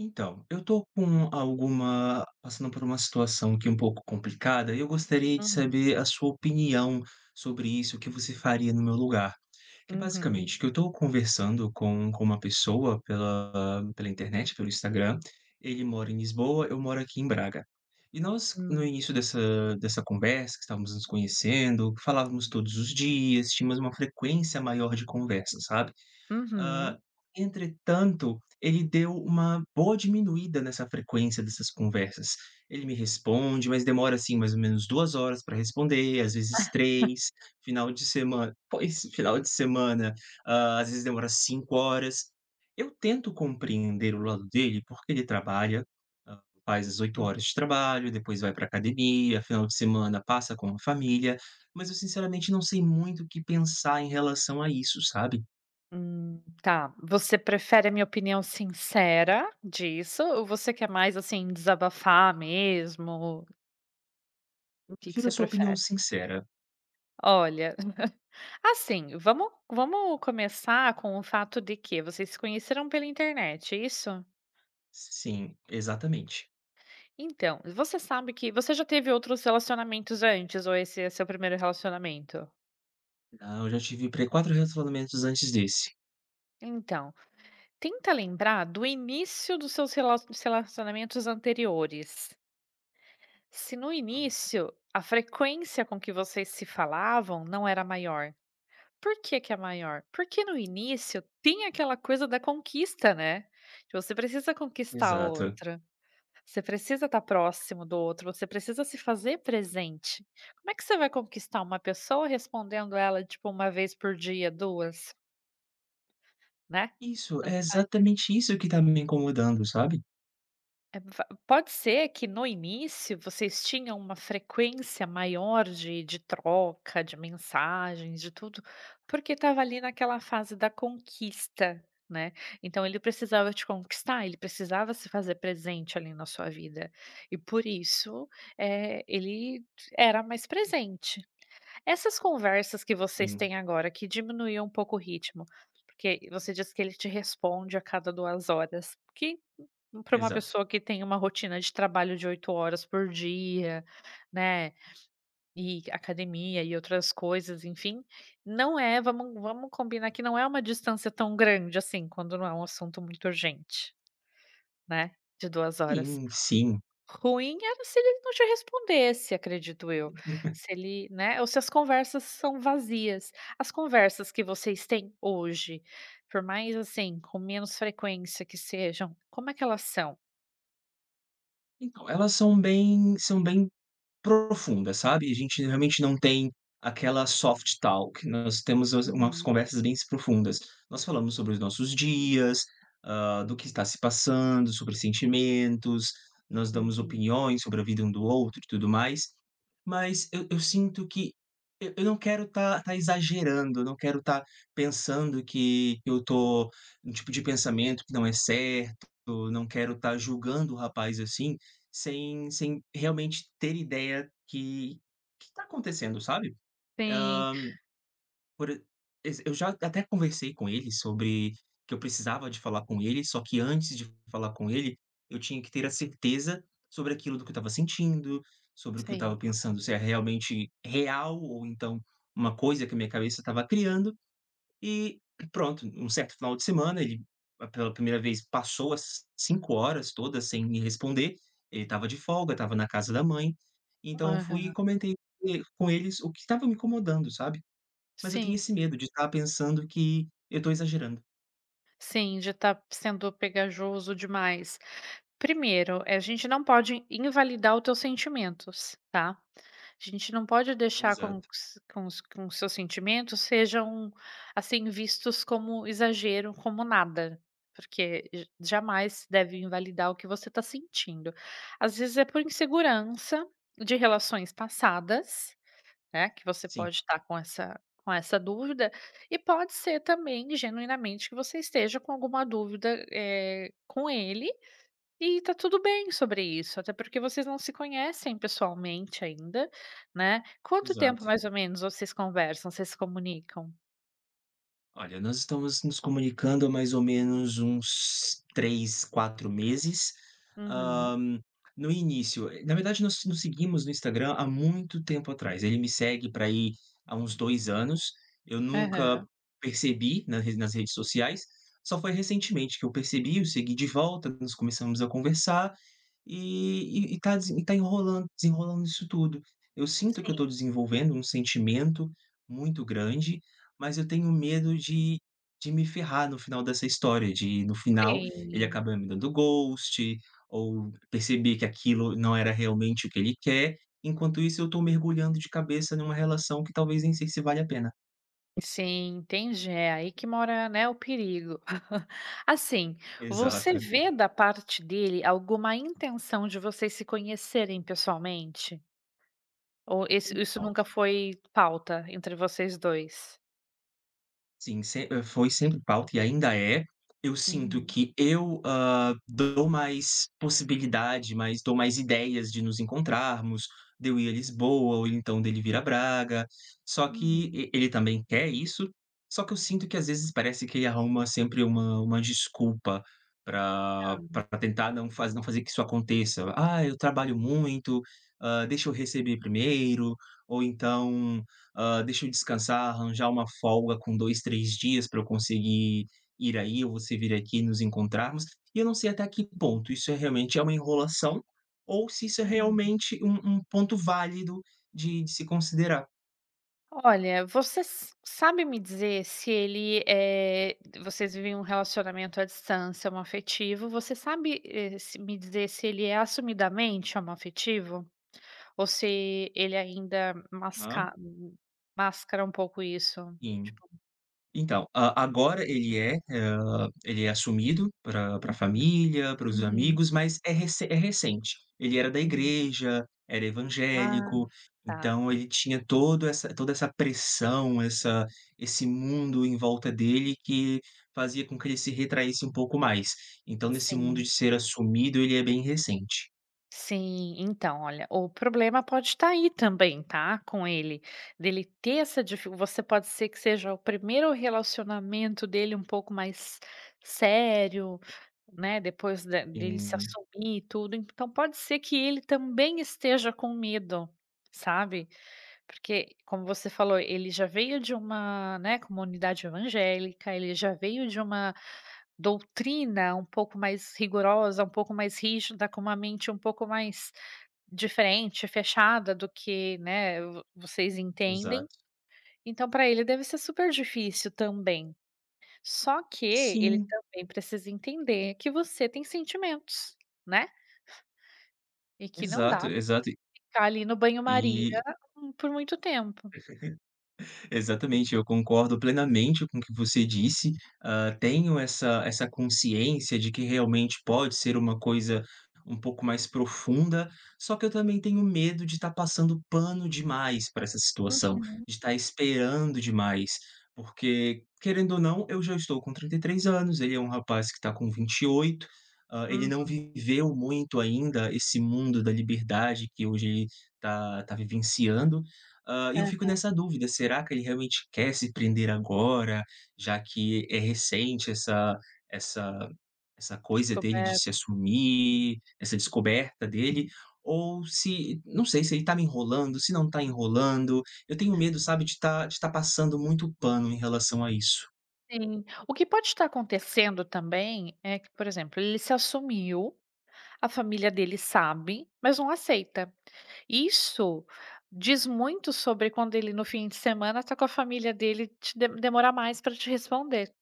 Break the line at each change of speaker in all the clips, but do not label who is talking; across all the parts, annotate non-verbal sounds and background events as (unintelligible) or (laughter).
Então, eu tô com alguma passando por uma situação aqui um pouco complicada, e eu gostaria de
Uhum.
saber a sua opinião sobre isso, o que você faria no meu lugar. Que é
Uhum.
basicamente, que eu estou conversando com com uma pessoa, pela pela internet, pelo Instagram. Ele mora em Lisboa, eu moro aqui em Braga. E nós, no
Hum.
início dessa dessa conversa, que estávamos nos conhecendo, falávamos todos os dias, tínhamos uma frequência maior de conversas, sabe. Hã,
Uhum.
entretanto, ele deu uma boa diminuída nessa frequência dessas conversas. Ele me responde, mas demora, assim, mais ou menos 2 horas para responder, às vezes
(laughs)
3. Final de semana pois, final de semana, hã, às vezes demora 5 horas. Eu tento compreender o lado dele, porque ele trabalha, hã, faz as 8
Hum.
horas de trabalho, e depois vai pra academia, final de semana passa com a família. Mas eu sinceramente não sei muito o que pensar em relação a isso, sabe.
Hum. Tá, você prefere a minha opinião sincera disso ou você quer mais, assim, desabafar mesmo?
Eu
O que que
prefiro a
você
sua opinião
prefere?
sincera.
Olha (laughs) assim, vamos vamos começar com o fato de que vocês se conheceram pela internet, é isso?
S sim, exatamente.
Então, você sabe que você já teve outros relacionamentos antes ou esse é seu primeiro relacionamento?
Não. Eu já tive pre 4 relacionamentos antes desse.
Então, tenta lembrar do início dos seus relacio dos relacionamentos anteriores. Se no
Aham.
início, a frequência com que vocês se falavam não era maior. Por que que é maior? Porque, no início, tem aquela coisa da conquista, né, de você precisa conquistar a
Exato.
outra você precisa tá próximo do outro, você precisa se fazer presente. Como é que você vai conquistar uma pessoa respondendo ela, tipo, 1 vez por dia, 2? Né?
Isso.
Tanto
É
faz.
exatamente isso que está me incomodando, sabe?
(unintelligible) Pode ser que, no início, vocês tinham uma frequência maior de de troca, de mensagens, de tudo, porque estava ali naquela fase da conquista, né. Então, ele precisava te conquistar, ele precisava se fazer presente ali na sua vida e, por isso, eh, ele d era mais presente. Essas conversas que vocês
Sim.
têm agora, que diminuíam um pouco o ritmo, porque você diz que ele te responde a cada 2 horas, porque para uma
Exato.
pessoa que tem uma rotina de trabalho de 8 horas por dia, né, e academia e outras coisas, enfim, não é vamos vamos combinar que não é uma distância tão grande assim, quando não é assunto muito urgente, né? De 2 horas.
Sim, sim.
Ruim era se ele não te respondesse, acredito eu,
(chuckles)
se ele né ou se as conversas são vazias. As conversas que vocês têm hoje, por mais, assim, com menos frequência que sejam, como é que elas são?
Então, elas são bem são bem profundas, sabe, a gente realmente não tem aquela Soft Talk nós temos umas umas
Uhum.
conversas bens profundas, nós falamos sobre os nossos dias, hã, do que está se passando, sobre sentimentos, nós damos
Uhum.
opiniões sobre a vida um do outro e tudo mais. Mas eu eu sinto que eu eu não quero tá tá exagerando, eu não quero tá pensando que eu tô num tipo de pensamento que não é certo, eu não quero tá julgando o rapaz, assim, sem sem realmente ter ideia que que tá acontecendo, sabe? Hã,
Sim.
por e exe eu já até conversei com ele sobre o que eu precisava de falar com ele, só que antes de falar com ele, eu tinha que ter a certeza sobre aquilo do que eu estava sentindo, sobre o que eu estava
Sim, claro.
pensando, se é realmente real ou então uma coisa que a minha cabeça estava criando. E pronto, um certo final de semana ele pela primeira vez passou as 5 horas todas sem me responder, ele estava de folga, estava na casa da mãe, então eu fui e
Aham.
comentei com ele com ele o que estava me incomodando, sabe, mas eu tenho
Sim.
esse medo de tá pensando que eu estou exagerando.
Sim, já tá p sendo pegajoso demais. Primeiro, eh, a gente não pode invalidar os teus sentimentos, tá? A gente não pode deixar com
Exato.
s com os com os seus sentimentos sejam, assim, vistos como exagero, como nada, porque j jamais deve invalidar o que você tá sentindo. Às vezes é por insegurança de relações passadas, né, que você
Sim.
pode tá com essa com essa dúvida, e pode ser também genuinamente que você esteja com alguma dúvida, eh, com ele, e tá tudo bem sobre isso, até porque vocês não se conhecem pessoalmente ainda, né. Quanto tempo
Exato.
mais ou menos vocês conversam, vocês se comunicam?
Olha, nós estamos nos comunicando há mais ou menos uns 3, 4 meses.
Uhum.
Hã, no início, eh na verdade nós nos seguimos no Instagram há muito tempo atrás, ele me segue pra aí, há uns 2 anos, eu nunca
Aham.
percebi na re nas redes sociais, só foi recentemente que eu percebi, o segui de volta (unintelligible) começamos a conversar, e e e tá desen tá enrolando desenrolando isso tudo. Eu sinto que eu estou
Sim.
desenvolvendo um sentimento muito grande, mas eu tenho medo de de me ferrar no final dessa história, de no final, ele
Sim.
acaba me dando ghost, ou perceber que aquilo não era realmente o que ele quer, enquanto isso eu tô mergulhando de cabeça numa relação que talvez nem sei se vale a pena.
Sim, entendi. É, aí que mora, né, o perigo. (laughs) Assim, você
Exato.
vê da parte dele alguma intenção de vocês se conhecerem pessoalmente? Ou esse isso
Então
nunca foi pauta entre vocês 2?
Sim, se hã, foi sempre pauta e ainda é. Eu sinto
Uhum.
que eu, hã, dou mais possibilidade, mais dou mais ideias de nos encontrarmos, de eu ir à Lisboa ou então dele vir a Braga. Só que,
Hum.
e ele também quer isso, só que eu sinto que às vezes parece que ele arruma sempre uma uma desculpa pra
Hã.
pra tentar não faze não fazer que isso aconteça. "Ah, eu trabalho muito, hã, deixa eu receber primeiro", ou então "Hã, deixa eu descansar, arranjar uma folga com 2, 3 dias pra eu conseguir ir aí, ou você vir aqui e nos encontrarmos", e eu não sei até que ponto isso é realmente é uma enrolação, ou se isso é
Uhum.
realmente um um ponto válido de de se considerar.
Olha, você s sabe me dizer se ele, eh vocês vivem um relacionamento à distância homoafetivo, você sabe, eh, se me dizer se ele é assumidamente homoafetivo? Ou se ele ainda
Hã.
masca mascara um pouco isso?
Sim.
Tipo
Então, hã, agora ele é, hã, ele é assumido pra pra
(unintelligible)
família, para os
Uhum.
amigos, mas é recen é recente. Ele era da
Hum.
igreja, era
Ah,
evangélico,
tá.
então ele tinha todo essa toda essa pressão, essa esse mundo em volta dele, que fazia com que ele se retraísse um pouco mais. Então nesse mundo
Sim.
de ser assumido, ele é bem recente.
Sim. Então olha, o problema pode tá aí também tá, com ele, dele ter essa dificu você pode ser que seja o primeiro relacionamento dele um pouco mais sério, né, depois de dele se
Sim.
assumir e tudo, então pode ser que ele também esteja com medo, sabe. Porque, como você falou, ele já veio de uma, né, comunidade evangélica, ele já veio de uma doutrina um pouco mais rigorosa, um pouco mais rígida, com uma mente um pouco mais diferente, fechada do que, né, vo vocês entendem,
Exato.
então pra ele deve ser super difícil também. Só que ele ele
Sim.
também precisa entender que você tem sentimentos, né? E que não
Exato,
dá
exato, e
(unintelligible) ficar ali no banho-maria
E
por muito tempo.
(laughs) Exatamente, eu concordo plenamente com o que você disse, hã, tenho essa essa consciência de que realmente pode ser uma coisa um pouco mais profunda, só que eu também tenho medo de tá passando pano demais pra essa situação,
Uhum.
de estar esperando demais. Porque, querendo ou não eu já estou com 33 anos, ele é um rapaz que está com 28. Hã, ele não
Uhum.
viveu muito ainda esse mundo da liberdade, que hoje ele tá tá vivenciando. Hã, eu fico
Aham.
nessa dúvida, será que ele realmente quer se prender agora, já que é recente essa essa essa coisa dele de
Descober
se assumir, essa descoberta dele. Ou se, não sei, se ele tá me enrolando, se não tá enrolando. Eu tenho medo, sabe, de tá de tá passando muito pano em relação a isso.
Sim. O que pode tá acontecendo também, é que, por exemplo, ele se assumiu, a família dele sabe, mas não aceita. Isso diz muito sobre quando ele no fim de semana tá com a família dele te demorar mais pra te responder.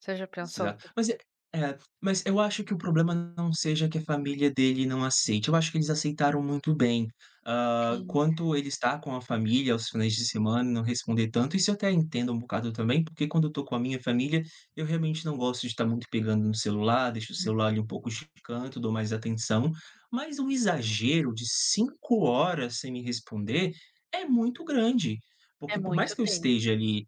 Você já pensou
Exato mas é é mas eu acho que o problema não seja que a família dele não aceite, eu acho que eles aceitaram muito bem. Hã,
Sim.
quanto ele estar com a família aos finais de semana e não responder tanto, isso eu até entendo um bocado também, porque quando eu tô com a minha família, eu realmente não gosto de tá muito pegando no celular, deixo o celular ali um pouco canto, dou mais atenção. Mas o exagero de 5 horas sem me responder é muito grande,
É
porque por mais
muito
que eu
tempo.
esteja ali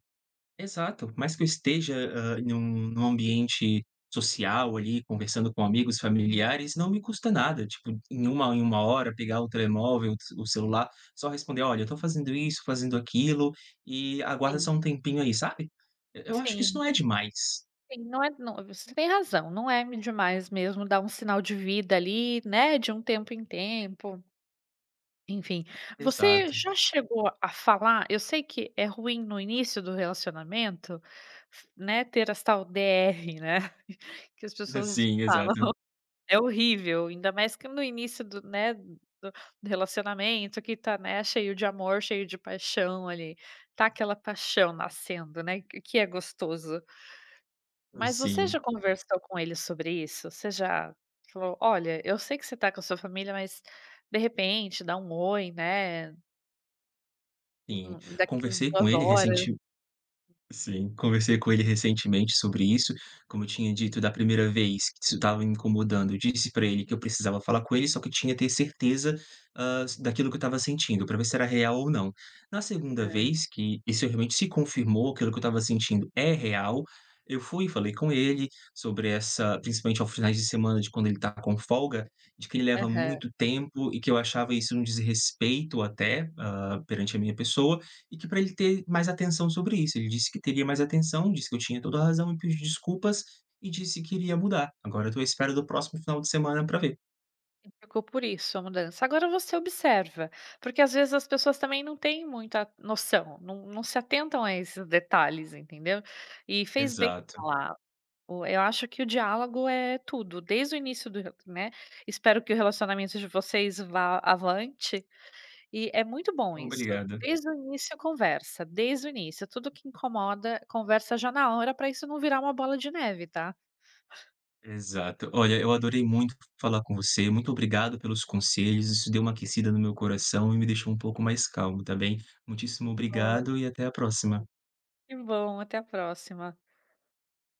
exato, mais que eu esteja, hã, em um num ambiente social, ali, conversando com amigos, familiares, não me custa nada, tipo, em 1 em 1 hora pegar o telemóvel o celular, só responder: "Olha, eu tô fazendo isso, fazendo aquilo, e aguarda só um
Sim.
tempinho aí", sabe? E eu acho que isso
Sim.
não é demais.
Sim, não é não você tem razão, não é eme demais mesmo dar um sinal de vida ali, né, de um tempo em tempo. Enfim. Você
Exato.
já chegou a falar eu sei que é ruim no início do relacionamento, né, ter as tal DR, né, (laughs) que as
(laughs)
pessoas
Sim,
falam.
exato.
É horrível, ainda mais que no início do né, do do relacionamento que tá, né, cheio de amor, cheio de paixão, ali. Tá aquela paixão nascendo, né, q que é gostoso. Mas você
Sim.
já conversou com ele sobre isso? Você já falou: "Olha, eu sei que você tá com a sua família, mas, de repente, dá um oi, né?
Sim,
(unintelligible) daqui (unintelligible)
conversei com
2
ele,
horas.
ressentiu sim, conversei com ele recentemente sobre isso. Como eu tinha dito, da primeira vez que isso estava incomodando, disse pra ele que eu precisava falar com ele, só que eu tinha ter certeza, hã, s daquilo que eu estava sentindo, pra ver se era real ou não. Na segunda
É.
vez que isso realmente se confirmou, que aquilo que eu estava sentindo é real, eu fui e falei com ele sobre essa principalmente aos finais de semana de quando ele estava com folga, de que ele leva
Aham.
muito tempo e que eu achava isso um desrespeito até, hã, perante a minha pessoa, e que pra ele ter mais atenção sobre isso. Ele disse que teria mais atenção, disse que eu tinha toda a razão, me pediu desculpas e disse que iria mudar. Agora eu tô à espera do próximo final de semana pra ver.
Ficou por isso, a mudança. Agora você observa, porque às vezes as pessoas também não têm muita noção, não não se atentam a esses detalhes, entendeu? E fez bem
Exato.
falar, o eu acho que o diálogo é tudo, desde o início do (unintelligible) né, espero que o relacionamento de vocês vá avante, e é muito bom isso.
Obrigado.
Desde o início, conversa, desde o início. Tudo que incomoda, conversa já na hora, pra isso não virar uma bola de neve, tá?
Exato. Olha, eu adorei muito falar com você, muito obrigado pelos conselhos, isso deu uma aquecida no meu coração e me deixou um pouco mais calmo, tá bem? Muitíssimo
Olha.
obrigado e até a próxima.
Que bom, até a próxima.